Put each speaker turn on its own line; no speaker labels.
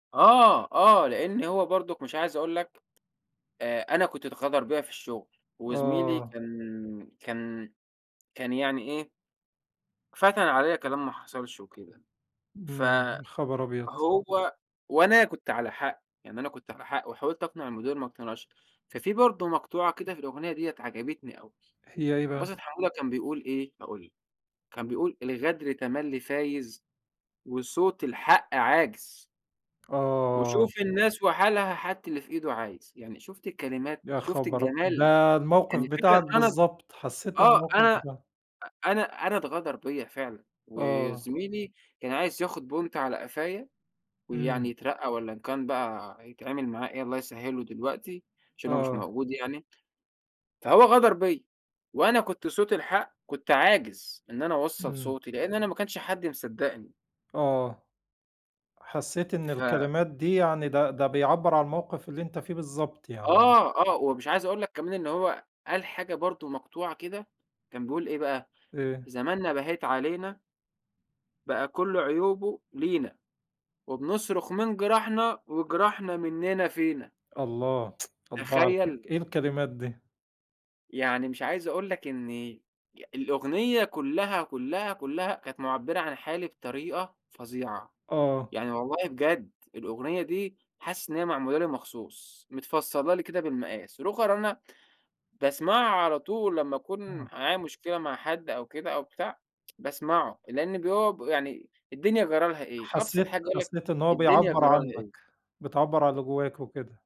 آه، آه، لإن هو برضك مش عايز أقول لك آآ، أنا كنت اتغدر بيّا في الشغل، وزميلي
آه.
كان كان كان يعني إيه، فتَن عليَّ كلام ما حصلش وكده ف
إمم، يا خبر أبيض!
هو وأنا كنت على حق، يعني أنا كنت على حق وحاولت أقنع المدير ما اقتنعش، ففي برضه مقطوعة كده في الأغنية ديَّة عجبتني أوي،
هي إيه
عبد الباسط
بقي؟
حمودة كان بيقول إيه، هاقول لك كان بيقول الغدر تملّي فايز وصوت الحق عاجز.
آه.
وشوف الناس وحالها، حتى اللي في إيده عايز. يعني شُفت الكلمات،
يا
شُفت
خبر أب
الجمال،
ده الموقف
يعني فعلًا
بتاعك
أنا ب
بالضبط، حسيت
آه،
الموقف
أنا
بتاعك.
أنا أنا اتغدر بيّا فعلًا، و
آه.
زميلي كان عايز ياخد بونت على قفايا ويعني
إمم.
يترقّى والَّا إن كان بقى يتعمِل معاه إيه الله يسهّله دلوقتي، عشان هو مش
آه.
موجود يعني، فهو غدر بيّا وأنا كنت صوت الحق، كنت عاجز إن أنا أوصّل
إمم.
صوتي لأن أنا ماكانش حد مصدّقني.
آه، حسيت إن
ف
الكلمات دي يعني ده ده بيعبر عن الموقف اللي أنت فيه بالضبط يعني.
آه، آه، و مش عايز أقول لَك كمان إن هو قال حاجة برضه مقطوعة كده، كان بيقول إيه بقى
إيه؟
زماننا بهيت علينا. بقى كل عيوبه لينا، وبنصرخ من جراحنا، وجراحنا مننا فينا.
الله، الله على
تخيل.
الك إيه الكلمات دي!
يعني مش عايز أقول لك إن الأغنية كلّها، كلّها، كلّها كانت مُعبّرة عن حالي بطريقة فظيعة
آه.
يعني والله بجد، الأغنية دي حاسس إن هي معمولة لي مخصوص، متفصّلة لي كده بالمقاس، روخر أنا باسمعه على طول، لمّا أكون
آه.
معايا مشكلة مع حد أو كده أو بتاع باسمعه لأن بيو يعني الدنيا جرى لها إيه أبسط
حسيت
حاجة يقول لك
حسيت إنه هو
الدنيا
بيعبّر
جرى لها إيه؟
عنك، بتعبّر عن اللي جوّاك وكده.